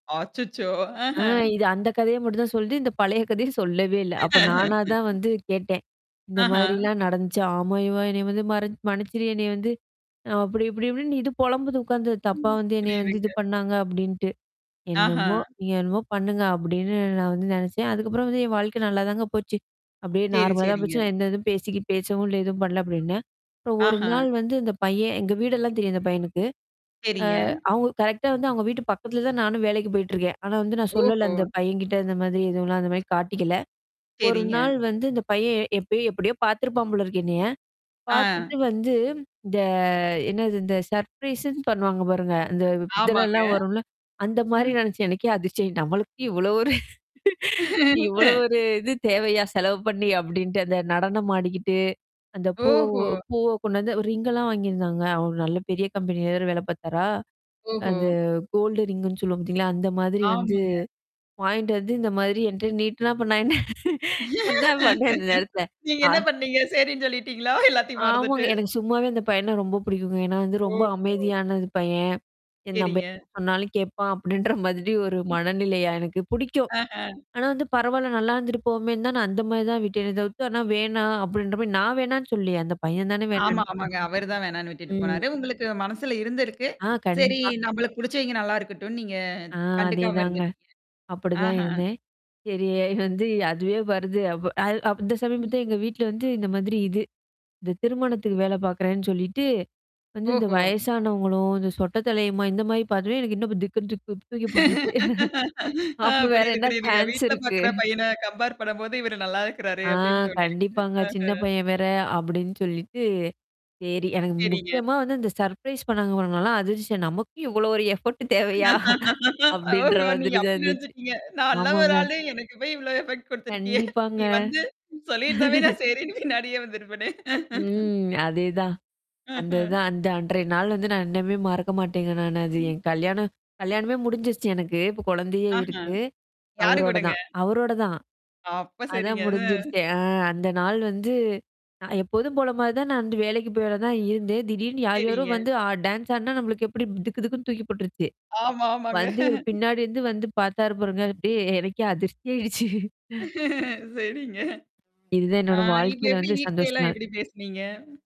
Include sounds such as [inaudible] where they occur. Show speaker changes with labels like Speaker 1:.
Speaker 1: அச்சச்சோ! ஆஹ.
Speaker 2: ஆ இது அந்த கதையா மட்டும் தான் சொல்லது, இந்த பழைய கதையும் சொல்லவே இல்ல. அப்ப நானா தான்
Speaker 1: [laughs]
Speaker 2: வந்து கேட்டேன். இந்த
Speaker 1: ஆஹா.
Speaker 2: மாதிரிலாம் நடந்துச்சு. ஆம யுவா! என்னைய வந்து மற்ச மனுச்சிரு என்னைய வந்து, அப்டி இப்டி இப்டி இது பொலம்புது உட்காந்து. தப்பா வந்து என்னைய வந்து
Speaker 1: புரியுதுங்க.
Speaker 2: இது பண்ணாங்க அப்டின்ட்டு.
Speaker 1: ஆஹா.
Speaker 2: என்னமோ! நீங்க என்னமோ பண்ணுங்க அப்டின்னு நான் வந்து நெனச்சேன். அதுக்கப்புறம் வந்து என் வாழ்க்கை நல்லா தாங்க போச்சு. அப்டியே
Speaker 1: சரி,
Speaker 2: நார்மலா தான்
Speaker 1: சரிங்க.
Speaker 2: போச்சு. நான் எந்த எதுவும் பேசிக்கி பேசவும் இல்ல எதுவும் பண்ல அப்டின்னே. அப்புறம் 1
Speaker 1: ஆஹா.
Speaker 2: நாள் வந்து இந்த பையன் எங்க வீடெல்லாம் தெரியும். அந்த பையனுக்கு.
Speaker 1: சரிங்க.
Speaker 2: அ அவங்க கரெக்ட்டா வந்து அவங்க வீட்டு பக்கத்தில தான் நானும் வேலைக்கு போயிட்டுருக்கேன். ஆனா வந்து நான் சொல்லல.
Speaker 1: ஓஹோ!
Speaker 2: அந்த பையன்கிட்ட இந்த மாதிரி எதுவும்லாம் அந்த மாரி காட்டிக்கல. 1
Speaker 1: சரிங்க.
Speaker 2: நாள் வந்து இந்த பையன் எப்பையோ எப்டியோ பார்த்தருப்பான் போல இருக்கு என்னைய?
Speaker 1: ஆ.
Speaker 2: பார்த்தட்டு வந்து இந்த என்னது இந்த சர்ப்ரைஸ்ன்னு பண்ணுவாங்க பாருங்க. அந்த
Speaker 1: ஆமாங்க.
Speaker 2: இதெல்லல்லாம் வரும்ல. அந்த மாரி
Speaker 1: ம்.
Speaker 2: நெனைச்சேன். எனக்கே அதிர்ச்சய நம்மளுக்கு இவ்ளோ ஒரு இவ்ளோ ஒரு
Speaker 1: [chuckles]
Speaker 2: இது தேவையா? செலவு பண்ணி அப்டின்ட்டு அந்த நடனம் ஆடிக்கிட்டு. அந்த பூவ
Speaker 1: ஓஹோ!
Speaker 2: பூவ கொண்டு வந்து ரிங்கலாம் வாங்கியிருந்தாங்க. அவரு நல்ல பெரிய கம்பெனி வேற வேல பார்த்தாரா?
Speaker 1: ஓஹோ!
Speaker 2: அந்த கோல்ட ரிங்ன்னு சொல்லுவோம் பார்த்தீங்களா, அந்த மாதிரி வந்து
Speaker 1: ஆமாங்க.
Speaker 2: வாயின்ட்டு வந்து இந்த மாதிரி என்ட்ட நீட்டுனா அப்புறம் நா என்ன என்ன பண்வேன் அந்த நேரத்துல?
Speaker 1: நீங்க
Speaker 2: ஆ
Speaker 1: என்ன பண்ணீங்க? சரின்னு சொல்லிட்டீங்களா? எல்லாத்தையும் மறந்துட்டு?
Speaker 2: ஆமாங்க. எனக்கு சும்மாவே இந்த பையன ரொம்ப புடிக்குங்க. ஏனா வந்து ரொம்ப
Speaker 1: ஓஹோ!
Speaker 2: அமைதியானது பையன் என் நம்ப
Speaker 1: சரிங்க.
Speaker 2: சொன்னாலும் கேட்பான் அப்டின்ற மாதிரி ஒரு மனநிலையா எனக்கு புடிக்கும்.
Speaker 1: ஆஹ.
Speaker 2: ஆனா வந்து பரவால்ல. நல்லா இருந்துட்டு போமேன்னு தான் நான் அந்த மாரி தான் விட்டேன் தவுத்து. ஆனா வேணாம் அப்டின்ற மாரி நான் வேணான்னு சொல்லியே அந்த பையன் தானே
Speaker 1: ஆமா,
Speaker 2: வேணான்ட்டு
Speaker 1: ஆமாங்க. அவரு தான் வேணான்னு விட்டுட்டு
Speaker 2: போயிட் ம்.
Speaker 1: போனாரு. உங்களுக்கு மனசுல இருந்திருக்கு.
Speaker 2: ஆ
Speaker 1: சரி
Speaker 2: கண்டிப்பா.
Speaker 1: நம்மளுக்கு புடிச்சவங்க நல்லா இருக்கட்டும்னு நீங்க
Speaker 2: ஆ
Speaker 1: கண்டுக்காம
Speaker 2: அதேதாங்க.
Speaker 1: இருந்துட்டீங்க.
Speaker 2: அப்டிதான்
Speaker 1: ஆஹ.
Speaker 2: இருந்தேன். சரி [chuckles] வந்து அதுவே வருது. அப்ப அ அப்ப அந்த சமயம்
Speaker 1: ம்.
Speaker 2: தான் எங்க வீட்ல வந்து இந்த மாதிரி இது. இந்த திருமணத்துக்கு வேல பாார்க்குறேன்னு சொல்லிட்டு. வந்து இந்த
Speaker 1: ஓஹோ!
Speaker 2: வயசானவங்களும், இந்த சொட்ட தலையமோ இந்த மாரி பார்த்தவே எனக்கு இன்னும் திக்கு தூக்கி போ போட்டுருச்சு. [chuckles]
Speaker 1: ஆ
Speaker 2: அப்ப வேற
Speaker 1: புரியுது,
Speaker 2: என்ன
Speaker 1: புரியுதுங்க.
Speaker 2: சான்ஸ்
Speaker 1: வீட்ல
Speaker 2: இருக்கு?
Speaker 1: பாார்க்கற
Speaker 2: [chuckles]
Speaker 1: பையன கம்பேர் பண்ணும்போது இவரு நல்லா இருக்கிறாரு.
Speaker 2: ஆ
Speaker 1: அப்டின்னு தோணியிருக்குது.
Speaker 2: கண்டிப்பாங்க. சின்ன
Speaker 1: ஆஹ.
Speaker 2: பையன் வேற அப்டின்னு சொல்லிட்டு. சரி. எனக்கு
Speaker 1: சரிங்க.
Speaker 2: முக்கியமா வந்து இந்த சர்ப்ரைஸ் பண்ணாங்க நாலாம் அதிர்ச்ச நமக்கும் இவ்ளோ ஒரு எஃபோர்ட் தேவையா? அப்டின்ற
Speaker 1: ஓஹோ! நீங்க
Speaker 2: மாதிரி தான்
Speaker 1: அப்டி
Speaker 2: இருந்துச்சு.
Speaker 1: நெனச்சுட்டீங்க. நான் நல்ல ஒரு
Speaker 2: ஆமாங்க.
Speaker 1: ஆளு எனக்கு போய் இவ்ளோ எஃபெக்ட் குடுத்துருக்கியே.
Speaker 2: கண்டிப்பாங்க.
Speaker 1: நீ வந்து சொல்லியிருந்தாவே
Speaker 2: [laughs]
Speaker 1: நான் செய்றேன்னு பின்னாடியே வந்திருப்பனே.
Speaker 2: ம். அதேதான்.
Speaker 1: ம்ஹ்ம்.
Speaker 2: அந்ததான் அந்த அன்றைய நாள் வந்து நான் இன்னமே மறக்க மாட்டேங்க நானு அது.
Speaker 1: ம்.
Speaker 2: என் கல்யாணம் கல்யாணமே முடிஞ்சருச்சு எனக்கு. இப்ப குழந்தையே
Speaker 1: ஆஹ.
Speaker 2: இருக்கு.
Speaker 1: யாரு
Speaker 2: அவரோட
Speaker 1: கூடங்க?
Speaker 2: தான் அவரோட தான்.
Speaker 1: அப்ப
Speaker 2: அதான்
Speaker 1: சரிங்க. அ.
Speaker 2: முடிஞ்சருச்சே. அ அந்த நாள் வந்து நான் எப்போதும் போல மாரி தான் நான் வந்து வேலைக்கு போய் வேல தான் இருந்தேன். திடீர்னு யார் யாரோ
Speaker 1: சரிங்க.
Speaker 2: வந்து அ டான்ஸ் ஆடுனா நம்மளுக்கு எப்டி துக்கு தக்குன்னு தூக்கி போட்டுருச்சு.
Speaker 1: ஆமா, ஆமாங்க.
Speaker 2: வந்து இவரு
Speaker 1: [chuckles]
Speaker 2: பின்னாடி இருந்து வந்து பார்த்தாரு பாருங்க. அப்டியே எனக்கே அதிர்ச்சி ஆயிடுச்சு.
Speaker 1: சரிங்க.
Speaker 2: இதுதான்
Speaker 1: ஆ
Speaker 2: என்னோட
Speaker 1: இப்ப
Speaker 2: வாழ்க்கையில
Speaker 1: எப்டி
Speaker 2: வந்த
Speaker 1: வீட்லயேல்லாம்
Speaker 2: சந்தோஷங்கள்.
Speaker 1: எப்டி பேசுனீங்க?